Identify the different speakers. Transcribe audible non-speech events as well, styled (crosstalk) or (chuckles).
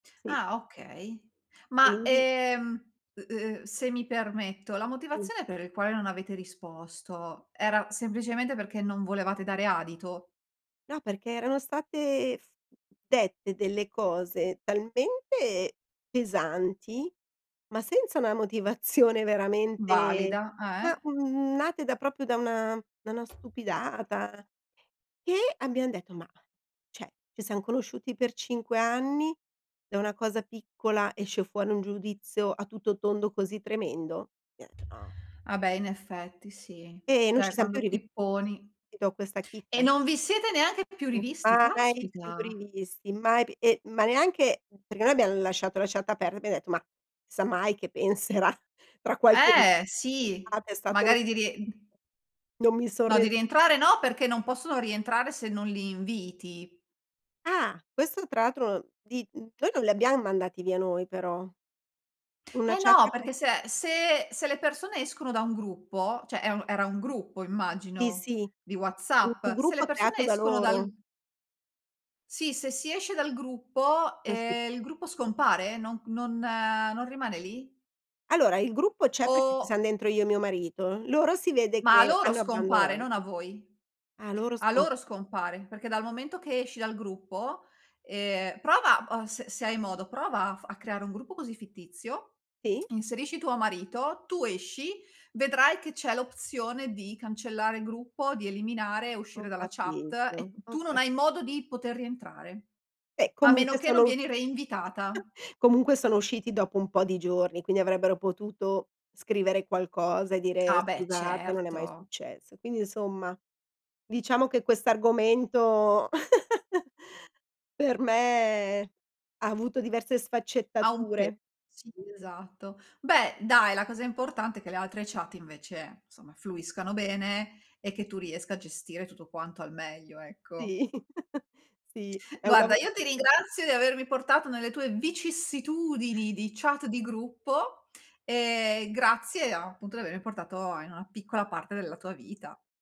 Speaker 1: Sì.
Speaker 2: Ah okay. Ma,
Speaker 1: Quindi
Speaker 2: ehm, u uhm, se mi permetto, la
Speaker 1: Sì.
Speaker 2: motivazione per il quale non avete risposto era semplicemente perché non volevate dare adito?
Speaker 1: No, perché erano state f dette delle cose talmente pesanti, ma senza una motivazione veramente
Speaker 2: Valida, eh.
Speaker 1: ma, mhmm, nate da proprio da una da una stupidata. E abbiam detto: "Ma cioè, ci siam conosciuti per 5 anni, da una cosa piccola esce fuori un giudizio a tutto tondo così tremendo?" (unintelligible)
Speaker 2: Ah beh, in effetti sì.
Speaker 1: E non
Speaker 2: Cioè
Speaker 1: ci siamo più
Speaker 2: quando
Speaker 1: rivi
Speaker 2: ti poni
Speaker 1: ti dò questa
Speaker 2: E
Speaker 1: chicca.
Speaker 2: non vi siete neanche più
Speaker 1: Mh,
Speaker 2: rivisti,
Speaker 1: mai più
Speaker 2: caspita.
Speaker 1: rivisti, mai, p ehm, ma neanche perché noi abbiamo lasciato la chat aperta, abbiam detto: "Mah, si sa mai che penserà, tra qualche"
Speaker 2: Eh sì.
Speaker 1: guarda, è stato
Speaker 2: Magari dire
Speaker 1: Non mi son
Speaker 2: No, di
Speaker 1: re
Speaker 2: rientrare no, perché non possono rientrare se non li inviti.
Speaker 1: Ah, questo tra atro di mhmm, noi non li abbiamo mandati via noi, però. Una
Speaker 2: Eh
Speaker 1: chat
Speaker 2: no,
Speaker 1: pe
Speaker 2: perché se se se le persone escono da un gruppo, cioè e u era gruppo
Speaker 1: Sì,
Speaker 2: immagino,
Speaker 1: sì.
Speaker 2: di
Speaker 1: U un
Speaker 2: WhatsApp, se le
Speaker 1: gruppo
Speaker 2: persone
Speaker 1: creato da
Speaker 2: escono dal
Speaker 1: loro.
Speaker 2: Sì, se si esce dal gruppo,
Speaker 1: Eh sì.
Speaker 2: ehm, il gruppo scompare? Non non non rimane lì?
Speaker 1: Allora, il gruppo c'è perché
Speaker 2: O
Speaker 1: siam dentro io e mio marito. Loro si vede
Speaker 2: Ma a
Speaker 1: che
Speaker 2: loro
Speaker 1: hanno
Speaker 2: scompare, non a
Speaker 1: abbandonato.
Speaker 2: voi.
Speaker 1: Ah, loro
Speaker 2: A
Speaker 1: scom
Speaker 2: loro scompare, perché dal momento che esci dal gruppo, ehm prova o s se hai modo, prova a f a creare un gruppo così fittizio,
Speaker 1: Sì.
Speaker 2: inserisci tuo marito, tu esci, vedrai che c'è l'opzione di cancellare il gruppo, di eliminare e uscire
Speaker 1: Ho
Speaker 2: dalla chat
Speaker 1: capito,
Speaker 2: e
Speaker 1: ho
Speaker 2: tu non
Speaker 1: ca
Speaker 2: hai modo di poter rientrare.
Speaker 1: Eh,
Speaker 2: A meno
Speaker 1: comunque
Speaker 2: che
Speaker 1: sono
Speaker 2: non
Speaker 1: u
Speaker 2: vieni reinvitata.
Speaker 1: (chuckles) comunque sono usciti dopo un po' di giorni, quindi avrebbero potuto scrivere qualcosa e
Speaker 2: Ah
Speaker 1: dire:
Speaker 2: beh,
Speaker 1: "Scusate, non è mai
Speaker 2: certo.
Speaker 1: successo". Quindi insomma, diciamo che quest'argomento (chuckles) per me ha avuto diverse
Speaker 2: Ha un pe
Speaker 1: sfaccettature.
Speaker 2: sì, esatto. Beh dai, la cosa importante è che le altre chat invece, insomma fluiscano bene e che tu riesca a gestire tutto quanto al meglio, ecco.
Speaker 1: Sì, (chuckles) sì, è un
Speaker 2: Guarda,
Speaker 1: lavo
Speaker 2: io ti ringrazio di avermi portato nelle tue vicissitudini di chat di gruppo. Ehm, grazie a appunto di avere portato a in una piccola parte della tua vita.